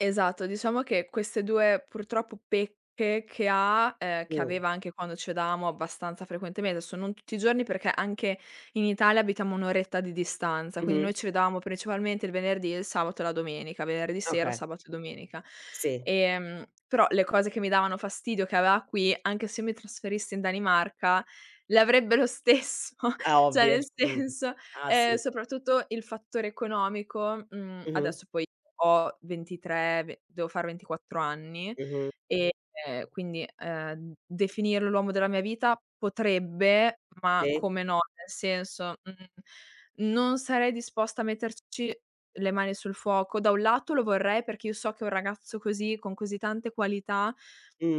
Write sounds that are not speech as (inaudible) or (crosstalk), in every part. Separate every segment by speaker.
Speaker 1: Esatto, diciamo che queste 2, purtroppo, pecche che ha, uhm, che
Speaker 2: Mh.
Speaker 1: aveva anche quando c' vedevamo abbastanza frequentement desso non tutti i giorni perché anche in Italia abitiamo 1 oretta di distanza, quindi
Speaker 2: Mh-mh.
Speaker 1: noi c' vedavamo principalmente il venerdì e il sabato e la domenica, venerdì sera,
Speaker 2: Oka
Speaker 1: sabato e domenica.
Speaker 2: Sì.
Speaker 1: Ehm, però le cose che mi davano fastidio che ava qui, anche se mi trasferissi in Danimarca, le avrebbe lo stesso,
Speaker 2: Ah,
Speaker 1: cioè,
Speaker 2: ovvio,
Speaker 1: nel
Speaker 2: mh-mh,
Speaker 1: senso,
Speaker 2: ah,
Speaker 1: ehm,
Speaker 2: sì.
Speaker 1: soprattutto il fattore economico, mhmm,
Speaker 2: Mh-mh.
Speaker 1: adesso poi ho 23, ve devo fare 24 anni
Speaker 2: Mh-mh.
Speaker 1: e, ehm, quindi, ehm, definirlo l'uomo della mia vita potrebbe, ma
Speaker 2: Sì.
Speaker 1: come no, nel senso, mhmm, non sarei disposta a metterci le mani sul fuoco. Da 1 lato lo vorrei, perché io so che un ragazzo così, con così tante qualità,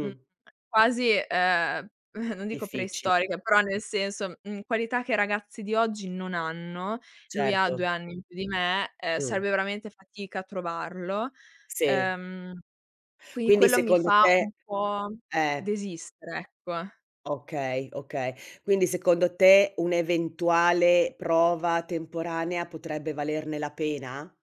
Speaker 1: mhmm, quasi, uhm, (chuckles) non dico
Speaker 2: Difficil
Speaker 1: preistorica, però nel senso mhmm, qualità che i ragazzi di oggi non hanno, lui ha
Speaker 2: Certo.
Speaker 1: 2 anni in più di me, ehm,
Speaker 2: Mh.
Speaker 1: sarebbe veramente fatica a trovarlo.
Speaker 2: Sì.
Speaker 1: Ehm, quindi
Speaker 2: Quindi
Speaker 1: quello mi
Speaker 2: secondo
Speaker 1: fa un
Speaker 2: te
Speaker 1: po'
Speaker 2: eh.
Speaker 1: desistere, ecco.
Speaker 2: Okay, okay. Quindi secondo te un'eventuale prova temporanea, potrebbe valerne la pena?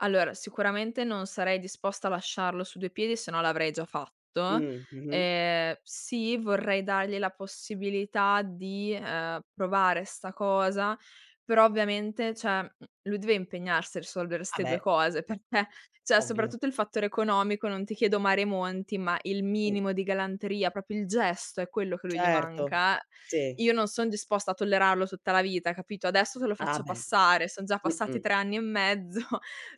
Speaker 1: Allora, sicuramente non sarei disposta a lasciarlo su due piedi se no l'avrei già fatto.
Speaker 2: Mh, mh-mh.
Speaker 1: Ehm, sì, vorrei dargli la possibilità di, ehm, provare 'sta cosa, però ovviamente cioè, mhmm, lui deve impegnarsi a risolvere
Speaker 2: Ah,
Speaker 1: 'ste 2
Speaker 2: beh.
Speaker 1: cose, perché cioè,
Speaker 2: Ovvio.
Speaker 1: soprattutto il fattore economico, non ti chiedo mare monti, ma il
Speaker 2: Mh.
Speaker 1: minimo di galanteria, proprio il gesto, è quello che a lui gli
Speaker 2: Certo,
Speaker 1: manca, eh,
Speaker 2: sì.
Speaker 1: io non son disposta a tollerarlo tutta la vita, capito? Adesso te lo
Speaker 2: Ah,
Speaker 1: faccio
Speaker 2: beh,
Speaker 1: passare, son già passati
Speaker 2: mh-mh.
Speaker 1: 3 anni e mezzo,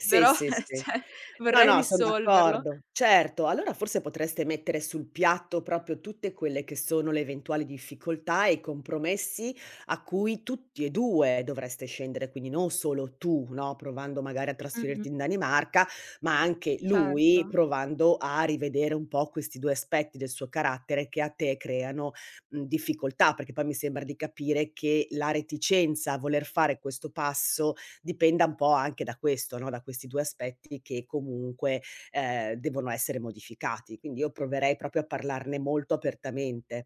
Speaker 2: Sì,
Speaker 1: però,
Speaker 2: sì,
Speaker 1: eh,
Speaker 2: sì.
Speaker 1: cioè,
Speaker 2: No,
Speaker 1: vorrei
Speaker 2: no, son
Speaker 1: risolverlo.
Speaker 2: d'accordo, certo. Allora forse potreste mettere sul piatto proprio tutte quelle che sono le eventuali difficoltà e i compromessi, a cui tutti e 2 dovreste scendere, quindi non solo tu, no, provando magari a
Speaker 1: Mh-mh.
Speaker 2: trasferirti in Danimarca, ma anche lui,
Speaker 1: Certo.
Speaker 2: provando a rivedere un po' questi 2 aspetti del suo carattere che a te creano, mhmm, difficoltà. Perché poi, mi sembra di capire, che la reticenza a voler fare questo passo dipenda un po' anche da questo, no, da questi 2 aspetti che comunque, ehm, devono essere modificati. Quindi io proverei proprio a parlarne molto apertamente.